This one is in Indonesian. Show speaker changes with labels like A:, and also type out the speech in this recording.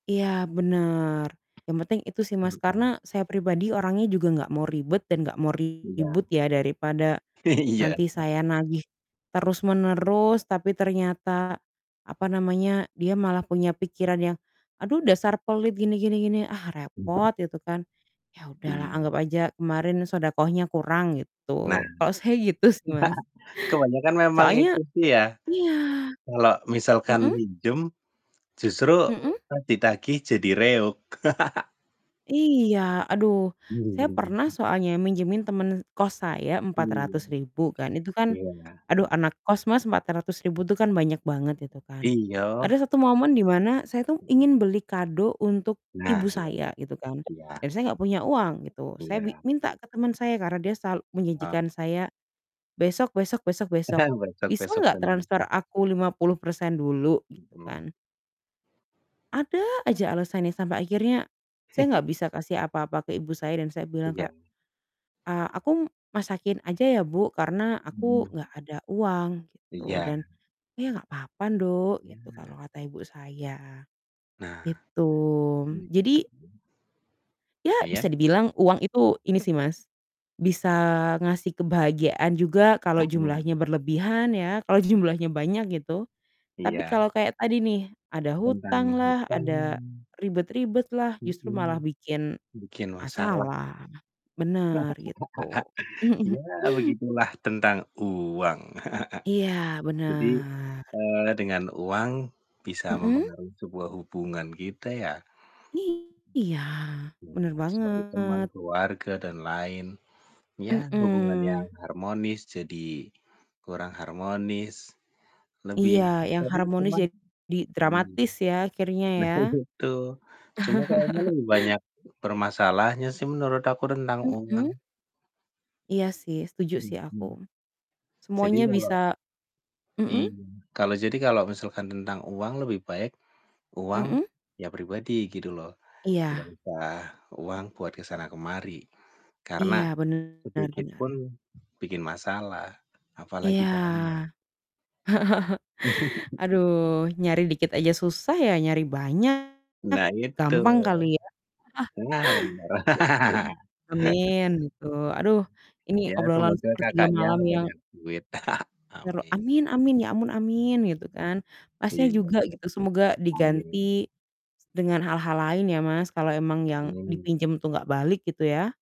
A: Iya benar, yang penting itu sih Mas, karena
B: betul.
A: saya pribadi orangnya juga nggak mau ribet dan nggak mau
B: Iya.
A: ribut ya daripada,
B: Iya,
A: nanti saya nagih,
B: pasti.
A: terus-menerus tapi ternyata, apa namanya, dia malah punya pikiran yang "Aduh dasar pelit, gini gini gini" ah
B: Entah.
A: repot, gitu kan. Ya udahlah
B: Iya.
A: anggap aja kemarin shadaqah-nya kurang gitu,
B: Nah,
A: kalau saya gitu sih, Mas.
B: kebanyakan memang
A: Soalnya
B: itu sih ya.
A: iya,
B: Kalau misalkan
A: mhm?
B: minjem, justru
A: Mhm?
B: pas ditagih jadi reog.
A: Iya, aduh
B: Bener
A: saya
B: bener,
A: pernah
B: waduh.
A: soalnya minjemin temen e kos saya empat
B: Iya.
A: ratus ribu kan, itu kan,
B: Iya.
A: aduh anak kos Mas, Rp400.000 tuh kan banyak banget, itu kan.
B: Iyoh.
A: Ada satu momen di mana saya tuh ingin
B: Mhm.
A: beli kado untuk
B: Nah,
A: ibu
B: iya.
A: saya gitu kan,
B: Iya.
A: dan saya nggak punya uang gitu, saya bi
B: Iya.
A: minta ke teman saya, karena dia sal
B: Mhm.
A: menjanjikan saya besok besok besok besok,
B: Tenang, Besok
A: "Bisa
B: besok
A: nggak
B: tenang
A: transfer
B: sih.
A: aku 50% dulu?" gitu
B: Mhm.
A: kan ada aja alasannya sampai akhirnya, saya nggak bisa kasih apa-apa ke ibu saya, dan saya bilang
B: Iya.
A: kayak, "A aku m masakin aja ya buk, karena aku
B: Mhm.
A: nggak ada uang" gitu,
B: Iya.
A: dan "Iya, nggak apa-apa nduk," gitu kalau
B: Iya.
A: kata ibu saya,
B: Nah,
A: gitu.
B: gitu.
A: Jadi ya
B: Iya?
A: bisa dibilang uang itu, ini sih Mas, bisa ngasih kebahagiaan juga kalau jumlahnya
B: [unintelligible]
A: berlebihan ya, kalau
B: Mhm
A: jumlahnya banyak gitu. Tapi
B: Iya.
A: kalau kayak tadi nih ada
B: Tentang
A: hutanglah,
B: hutang
A: ada ribet-ribetlah, justru malah
B: mhm,
A: bikin
B: bikin masalah.
A: masalah, benar, gitu.
B: Iya, begitulah tentang uang.
A: Iya,
B: Jadi,
A: benar.
B: eee, dengan uang, bisa
A: Mhm?
B: mempengaruhi sebuah hubungan kita ya?
A: Iya. Benar
B: Iya, seperti teman,
A: banget.
B: keluarga, dan lain. Iya, hubungan yang
A: Mhm.
B: harmonis jadi kurang harmonis. Lebih
A: Iya, yang
B: tapi
A: harmonis
B: cuman
A: jadi
B: ini.
A: dramatis ya, akhirnya
B: Nah,
A: ya?
B: itu. Cuma kayaknya lebih banyak permasalahnya sih menurut aku tentang uang.
A: Mhm? Iya sih, setuju sih
B: Mhm.
A: aku.
B: Jadi
A: Semuanya
B: kalau
A: bisa mhm?
B: iya. Kalau jadi kalau misalkan tentang uang, lebih baik uang,
A: Mhm?
B: ya pribadi gitu loh. Nggak
A: Iya.
B: usah uang buat ke sana ke mari. Karena,
A: Iya, benar
B: sedikit
A: benar.
B: pun bikin masalah, apalagi
A: Iya,
B: banyak.
A: aduh, nyari dikit aja susah ya nyari banyak,
B: Nah, itu.
A: gampang kali ya?
B: Nah benar. Gak
A: gitu.
B: papa
A: Amin, gitu. Aduh, ini
B: Ya,
A: obrolan
B: semoga
A: sepertiga
B: kakaknya
A: malam yang
B: banyak duit.
A: ter
B: Amin.
A: amin amin ya ampun amin gitu kan, Mas nya
B: Iya.
A: juga gitu, semoga diganti
B: Amin.
A: s dengan hal-hal lain ya Mas, kalau emang yang
B: Amin.
A: dipinjem tuh nggak balik gitu ya?